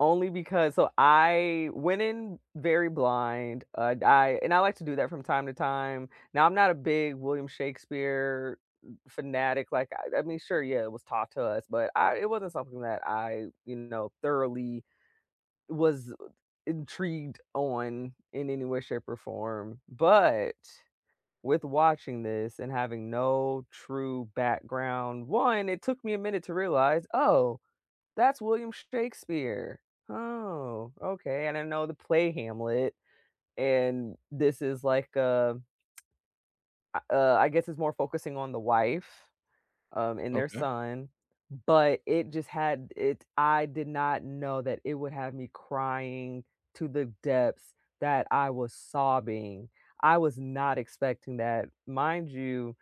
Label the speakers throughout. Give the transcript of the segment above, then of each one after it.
Speaker 1: Only because so, I went in very blind, uh, I and I like to do that from time to time. Now, I'm not a big William Shakespeare m fanatic, like, I I mean, sure, yeah, it was taught to us, but I it wasn't something that I, you know, thoroughly was intrigued on in any way, shape or form. But, with watching this and having no true background, 1, it took me a minute to realize, "Oh, that's William Shakespeare. Oh, okay." And I know the play Hamlet, and this is like a a uh, I guess it's more focusing on the wife, um, and their
Speaker 2: Okay.
Speaker 1: son, but it just had it I did not know that it would have me crying to the depths that I was sobbing, I was not expecting that. Mind you,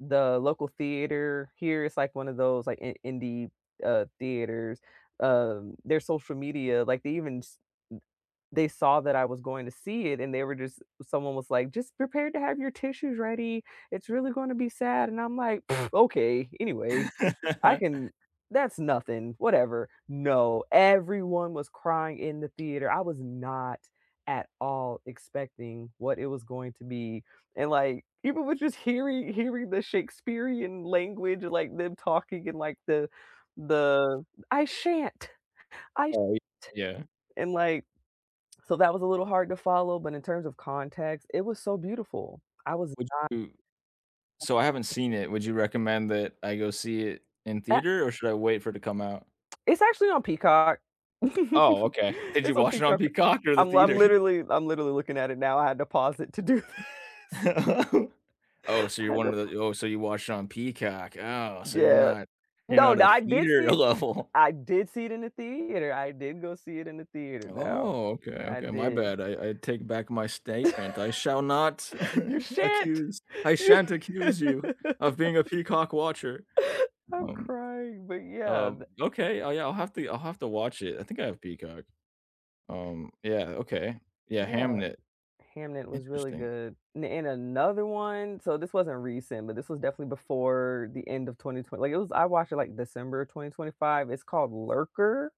Speaker 1: the local theater here it's like one of those, like, i indie, uh, theaters. Um, their social media like, they even s m they saw that I was going to see it and they were just someone was like, "Just prepared to have your tissues ready, it's really gonna be sad." And I'm like, "Okay. Anyway, I can that's nothing, whatever." No, everyone was crying in the theater. I was not, at all, expecting what it was going to be. And like, people were just heari hearing the Shakespearean language, like, them talking in like the the "I shan't, I sh t"
Speaker 2: Right, yeah.
Speaker 1: And like so, that was a little hard to follow, but in terms of context, it was so beautiful. I was
Speaker 2: Would
Speaker 1: not
Speaker 2: you so, I haven't seen it, would you recommend that I go see it in
Speaker 1: Ah
Speaker 2: theater, or should I wait for it to come out?
Speaker 1: It's actually on Peacock.
Speaker 2: Oh, okay. Did you
Speaker 1: It's on
Speaker 2: watch it on
Speaker 1: Peacock r
Speaker 2: Peacock or the
Speaker 1: I'm l I'm
Speaker 2: theater?
Speaker 1: literally I'm literally looking at it now, I had to pause it to do this.
Speaker 2: Oh, so
Speaker 1: I
Speaker 2: you're
Speaker 1: had to
Speaker 2: one of
Speaker 1: pa
Speaker 2: tho oh, so you watched it on Peacock. Oh, so you're
Speaker 1: Yeah.
Speaker 2: not, you're
Speaker 1: No,
Speaker 2: not a
Speaker 1: now I did see
Speaker 2: theater
Speaker 1: it
Speaker 2: level.
Speaker 1: I did see it in the theater. I did go see it in the theater, now.
Speaker 2: Oh, okay,
Speaker 1: I
Speaker 2: okay, my
Speaker 1: did.
Speaker 2: bad. I I take back my statement. I shall not
Speaker 1: You shan't!
Speaker 2: accuse I shan't accuse you of being a peacock watcher.
Speaker 1: I'm
Speaker 2: Um
Speaker 1: crying, but, yeah,
Speaker 2: uh,
Speaker 1: th
Speaker 2: okay, I yeah, I'll have to I'll have to watch it. I think I have peacock. Um, yeah, okay. Yeah,
Speaker 1: Yeah.
Speaker 2: Hamnet.
Speaker 1: Hamnet was really
Speaker 2: Interesting.
Speaker 1: good. N and another one so, this wasn't recent, but this was definitely before the end of twenty twe like, it was I watched it, like, December of 2025. It's called Lurker.